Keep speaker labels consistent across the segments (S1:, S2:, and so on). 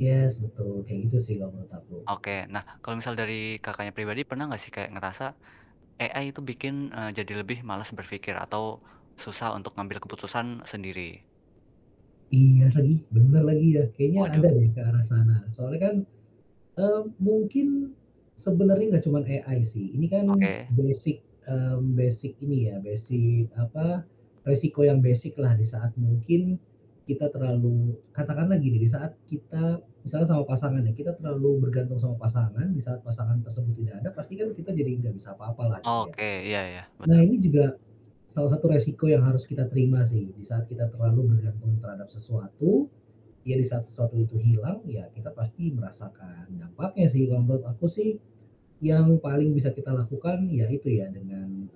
S1: Yes, betul, kayak gitu sih menurut kalau aku.
S2: Oke, nah, kalau misal dari, Kakaknya, pribadi pernah nggak sih kayak ngerasa, AI tuh bikin, eee, jadi lebih malas berpikir atau susah untuk ngambil keputusan sendiri?
S1: Iya lagi, benar lagi ya, kayaknya
S2: Waduh.
S1: ada deh ke arah sana, soalnya kan, eee, mungkin, sebenarnya nggak cuman AI sih, ini kan
S2: Oke.
S1: basic, mmm, basic ini ya basic apa, resiko yang basic-lah di saat mungkin, kita terlalu katakan lah gini di saat kita misalnya sama pasangan nih, kita terlalu bergantung sama pasangan, di saat pasangan tersebut tidak ada pasti kan kita jadi nggak bisa apa-apa lah, gitu ya.
S2: Oke, iya iya,
S1: Nah,
S2: betul.
S1: ini juga, salah satu resiko yang harus kita terima sih, di saat kita terlalu bergantung terhadap sesuatu, ya di saat sesuatu itu hilang, ya kita pasti merasakan dampaknya sih, kalau menurut aku sih, yang paling bisa kita lakukan yaitu ya dengan, mmm,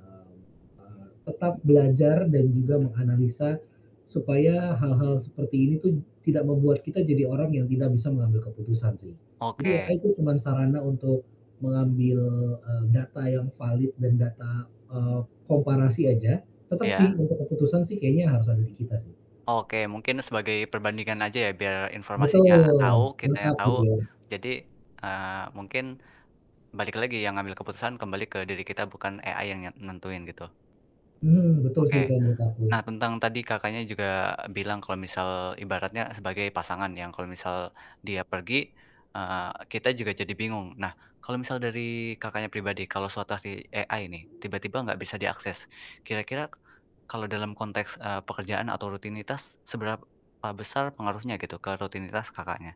S1: eee, tetap belajar dan juga menganalisa, supaya hal-hal seperti ini tuh tidak membuat kita jadi orang yang tidak bisa mengambil keputusan sih. Jadi
S2: Oke.
S1: AI tuh cuman sarana untuk mengambil, eee, data yang valid dan data, eee, komparasi aja, tetep
S2: Iya.
S1: sih untuk keputusan sih kayaknya harus ada di kita sih.
S2: Oke, mungkin sebagai perbandingan aja ya, biar informasinya tahu,
S1: Betul,
S2: kitanya
S1: lengkap
S2: tahu,
S1: gitu ya.
S2: jadi, eee, mungkin, balik lagi yang ngambil keputusan kembali ke diri kita bukan AI yang nyet nentuin gitu.
S1: Mmm, betul sih
S2: Oke,
S1: kalau menurut aku.
S2: nah tentang tadi, Kakaknya, juga bilang kalau misal ibaratnya sebagai pasangan yang kalau misal dia pergi, eee, kita juga jadi bingung. Nah, kalau misal dari, Kakaknya, pribadi kalau situasi AI nih, tiba-tiba enggak bisa diakses, kira-kira kalau dalam konteks, eee, pekerjaan atau rutinitas seberapa besar pengaruhnya gitu ke rutinitas Kakaknya?